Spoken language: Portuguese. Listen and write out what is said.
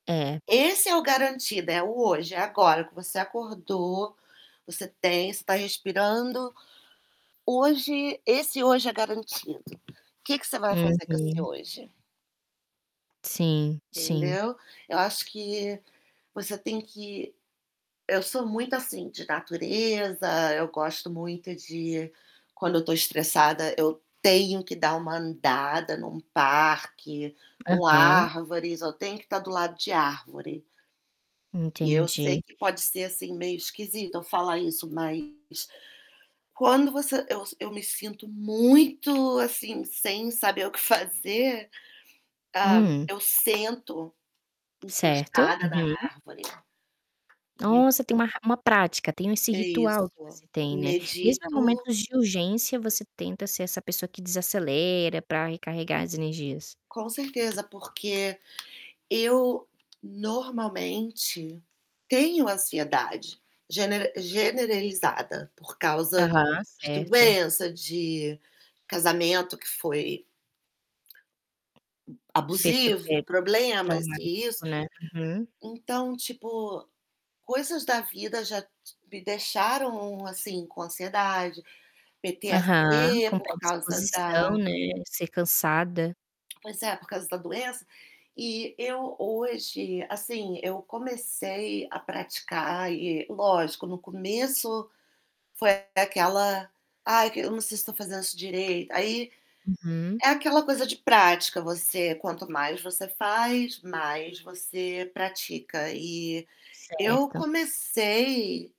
É. Esse é o garantido, é o hoje, é agora, que você acordou, você tem você está respirando, hoje esse hoje é garantido. Que que você vai fazer com esse Uhum. hoje? Sim, sim. Entendeu. Eu acho que você tem que eu sou muito assim, de natureza. Eu gosto muito de quando eu estou estressada, eu tenho que dar uma andada em um parque, com Aham. árvores. Eu tenho que estar do lado de árvore E eu Entendi. sei que pode ser, assim, meio esquisito eu falar isso, mas, quando você eu s eu me sinto muito assim, sem saber o que fazer, hã, Hum. eu sento Certo. encostada na Uhum. árvore, e Nossa, tem uma ra uma prática, tem o esse É ritual que isso, você tem, né, mesmo em medito momentos de urgência você tenta ser essa pessoa que desacelera pra recarregar as energias? Com certeza, porque eu, normalmente, tenho ansiedade gener generalizada por causa Aham, de certo. doença, de casamento que foi Ter abusivo, super problemas e isso. traumático, né. Uhum. Então, tipo, coisas da vida já t me deixaram, assim, com ansiedade, Aham, PTSC com por causa predisposição, da né, ser cansada. Pois é, por causa da doença. E eu, hoje, assim, eu comecei a praticar e, lógico, no começo, foi aquela: "Ai, que eu não sei se estou fazendo isso direito". Aí Uhum. é aquela coisa de prática, você quanto mais você faz, mais você pratica. E, eu Certo. comecei